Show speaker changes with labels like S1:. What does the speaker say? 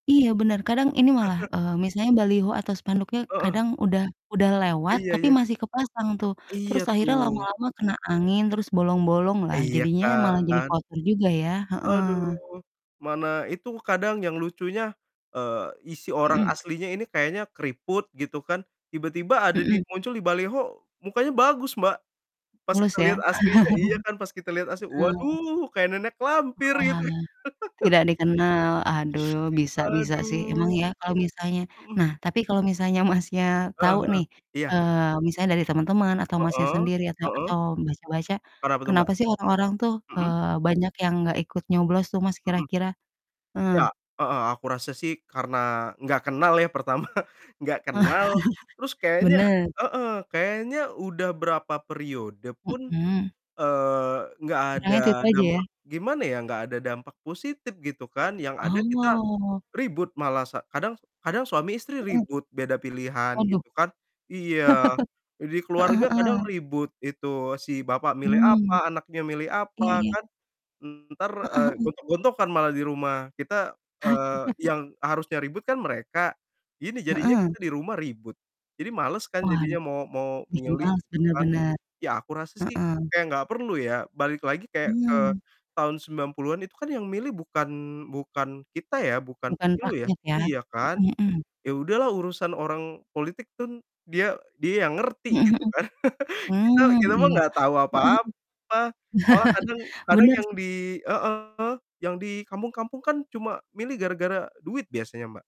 S1: Iya benar. Kadang ini malah, eee, misalnya baliho atau spanduknya
S2: Heeh.
S1: kadang udah udah lewat
S2: Iya
S1: tapi
S2: iya.
S1: masih kepasang tuh. Terus
S2: Iya,
S1: akhirnya
S2: tuh.
S1: lama-lama kena angin, terus bolong-bolonglah
S2: Iya
S1: jadinya malah jadi
S2: kan?
S1: kotor juga ya, heeh.
S2: Aduh, mana itu kadang yang lucunya, eee, isi orang
S1: Hmm.
S2: aslinya ini kayaknya keriput gitu kan, tiba-tiba ada
S1: Hmm.
S2: dia muncul di baliho, mukanya bagus, Mbak. Pas
S1: Mulus
S2: kita lihat
S1: ya?
S2: aslinya iya kan, pas kita lihat asli,
S1: Heeh.
S2: waduh! Kayak nenek lampir gitu.
S1: Oalah. Tidak dikenal, aduh bisa bisa sih. Emang
S2: Aduh.
S1: ya kalau misalnya
S2: Mhm.
S1: nah, tapi kalau misalnya, Masnya,
S2: Heeh
S1: tahu
S2: heeh.
S1: nih,
S2: Iya.
S1: eee, misalnya dari teman-teman, atau Masnya
S2: Heeh,
S1: sendiri, atau
S2: heeh.
S1: atau baca baca,
S2: Kenapa tuh, Mbak?
S1: kenapa sih orang-orang tuh,
S2: Mhm.
S1: eee, banyak yang enggak ikut nyoblos tuh, Mas,
S2: Mhm.
S1: kira-kira?
S2: Iya,
S1: Heeh.
S2: heeh, aku rasa sih karena nggak kenal, ya, pertama, nggak kenal, terus kayaknya
S1: Bener.
S2: heeh, kayaknya udah berapa periode pun,
S1: Hmm.
S2: eee, nggak ada
S1: Kurangnya itu-itu aja ya?
S2: dampak gimana ya, nggak ada dampak positif gitu kan, yang ada kita
S1: Oh.
S2: ribut malah sa kadang kadang suami istri
S1: Mhm.
S2: ribut beda pilihan
S1: Waduh.
S2: gitu kan iya, di
S1: Heeh
S2: keluarga
S1: heeh.
S2: kadang ribut itu si bapak milih
S1: Mmm,
S2: apa, anaknya milih
S1: iya
S2: apa,
S1: iya.
S2: kan, entar,
S1: Heeh
S2: eee,
S1: heeh.
S2: gontok-gontokan malah di rumah. Kita eee, yang harusnya ribut kan mereka, gini jadinya
S1: Heeh.
S2: kita di rumah ribut. Jadi males kan,
S1: Waduh,
S2: jadinya mau mau
S1: bikin
S2: milih
S1: males,
S2: gitu
S1: bener
S2: kan.
S1: bener,
S2: Ya, aku rasa sih
S1: heeh.
S2: kayak nggak perlu ya, balik lagi kayak ke
S1: Mmm.
S2: tahun 90-an itu kan yang milih bukan bukan kita ya, bukan
S1: Bukan
S2: pemilu ya
S1: rakyat ya?
S2: iya kan.
S1: Mhm mhm.
S2: Iya udahlah, urusan orang politik kan dia dia yang ngerti
S1: Mhm
S2: gitu
S1: mhm,
S2: kan. Kita
S1: mmm,
S2: kita mah
S1: iya,
S2: nggak tahu
S1: heeh heeh.
S2: apa-apa. Malah kadang kadang
S1: Bener
S2: yang
S1: sih.
S2: di heeh, yang di kampung-kampung kan, cuma milih gara-gara duit biasanya, Mbak.